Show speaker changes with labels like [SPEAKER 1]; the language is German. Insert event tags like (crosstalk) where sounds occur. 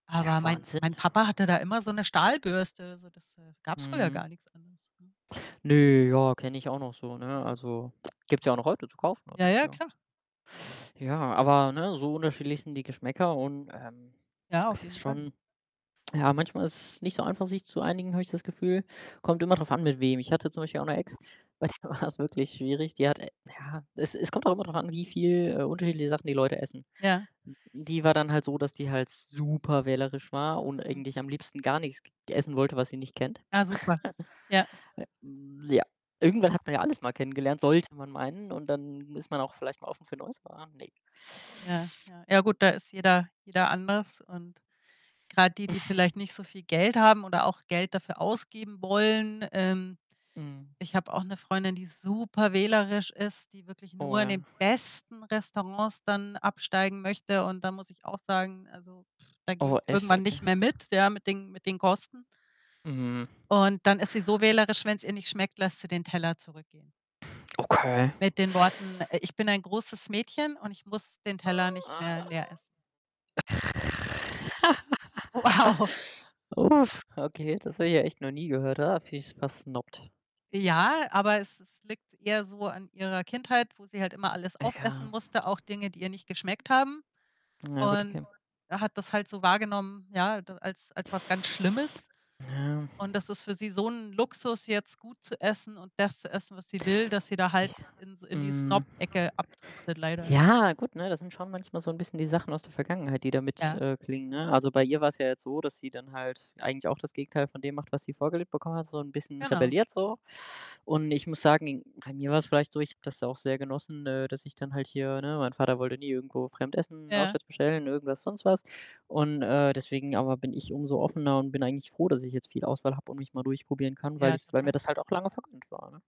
[SPEAKER 1] Ja,
[SPEAKER 2] Aber mein
[SPEAKER 1] Wahnsinn.
[SPEAKER 2] mein Papa hatte da immer so 'ne Stahlbürste, so das, äh, gab's früher gar
[SPEAKER 1] Mhm.
[SPEAKER 2] nix anderes, ne?
[SPEAKER 1] Ne, ja, kenne ich auch noch so, ne?
[SPEAKER 2] Ja.
[SPEAKER 1] Also, (lip trill) gibt's ja auch noch heute zu kaufen,
[SPEAKER 2] Ja,
[SPEAKER 1] also,
[SPEAKER 2] ja,
[SPEAKER 1] ja.
[SPEAKER 2] klar. Ja.
[SPEAKER 1] Ja, aber, ne, so unterschiedlich sind die Geschmäcker und, ähm,
[SPEAKER 2] Ja,
[SPEAKER 1] es
[SPEAKER 2] auf
[SPEAKER 1] ist
[SPEAKER 2] jeden Fall.
[SPEAKER 1] schon ja, manchmal ist es nicht so einfach, sich zu einigen, habe ich das Gefühl. Kommt immer drauf an mit wem. Ich hatte zum Beispiel auch 'ne Ex, bei der war's wirklich schwierig. Die hat ja, es es kommt auch immer drauf an, wie viel, äh, unterschiedliche Sachen die Leute essen.
[SPEAKER 2] Ja.
[SPEAKER 1] Hm, die war dann halt so, dass die halt super wählerisch war und
[SPEAKER 2] Mhm.
[SPEAKER 1] eigentlich am liebsten gar nichts g essen wollte, was sie nicht kennt.
[SPEAKER 2] Ah, super.
[SPEAKER 1] (chuckles)
[SPEAKER 2] Ja.
[SPEAKER 1] Äh, hm, ja. Irgendwann hat man ja alles mal kennengelernt, sollte man meinen. Und dann ist man auch vielleicht mal offen für Neues, aber, ne.
[SPEAKER 2] Ja, ja. Ja gut, da ist jeder jeder anders. Und grad die, die vielleicht
[SPEAKER 1] (sighs)
[SPEAKER 2] nicht so viel Geld haben oder auch Geld dafür ausgeben wollen, ähm
[SPEAKER 1] Mhm.
[SPEAKER 2] ich habe auch 'ne Freundin, die super wählerisch ist, die wirklich
[SPEAKER 1] Oh,
[SPEAKER 2] nur in
[SPEAKER 1] ja.
[SPEAKER 2] den besten Restaurants dann absteigen möchte. Und da muss ich auch sagen, also, (lip trill) da gehe
[SPEAKER 1] Oh,
[SPEAKER 2] ich
[SPEAKER 1] echt?
[SPEAKER 2] irgendwann
[SPEAKER 1] Okay.
[SPEAKER 2] nicht mehr mit, ja, mit den mit den Kosten.
[SPEAKER 1] Mhm.
[SPEAKER 2] Und dann ist sie so wählerisch, wenn's ihr nicht schmeckt, lässt sie den Teller zurückgehen
[SPEAKER 1] Okay.
[SPEAKER 2] mit den Worten, äh: „Ich bin ein großes Mädchen und ich muss den Teller nicht mehr leer essen.“ Wow.
[SPEAKER 1] (laughs) Uff, okay, das habe ich ja echt noch nie gehört. Ah, vi versnobt.
[SPEAKER 2] Ja, aber es es liegt eher so an ihrer Kindheit, wo sie halt immer alles
[SPEAKER 1] Ah,
[SPEAKER 2] aufessen
[SPEAKER 1] ja.
[SPEAKER 2] musste, auch Dinge, die ihr nicht geschmeckt haben.
[SPEAKER 1] Ja gut,
[SPEAKER 2] Und,
[SPEAKER 1] okay.
[SPEAKER 2] äh, hat das halt so wahrgenommen, ja, d als als was ganz Schlimmes.
[SPEAKER 1] Ja.
[SPEAKER 2] Und das ist für sie so 'n Luxus, jetzt gut zu essen und das zu essen, was sie will, dass sie da
[SPEAKER 1] Ja.
[SPEAKER 2] halt in s in die
[SPEAKER 1] Hm.
[SPEAKER 2] Snob-Ecke abdriftet leider, ja.
[SPEAKER 1] Ja, gut, ne? Das sind schon manchmal so 'n bisschen die Sachen aus der Vergangenheit, die da mit
[SPEAKER 2] Ja.
[SPEAKER 1] äh, klingen, ne? Also, bei ihr war's ja jetzt so, dass sie dann halt eigentlich auch das Gegenteil von dem macht, was sie vorgelebt bekommen hat, so 'n bisschen
[SPEAKER 2] Genau.
[SPEAKER 1] rebelliert, so. Und ich muss sagen, bei mir war's vielleicht so, ich habe das auch sehr genossen, äh, dass ich dann halt hier ne, mein Vater wollte nie irgendwo fremd essen,
[SPEAKER 2] Ja.
[SPEAKER 1] auswärts bestellen, irgendwas, sonst was. Und, äh, deswegen aber bin ich umso offener und bin eigentlich froh, dass ich jetzt viel Auswahl habe und mich mal durchprobieren kann, weil
[SPEAKER 2] Ja,
[SPEAKER 1] ich weil mir
[SPEAKER 2] total.
[SPEAKER 1] das halt auch lange vergönnt war, ne?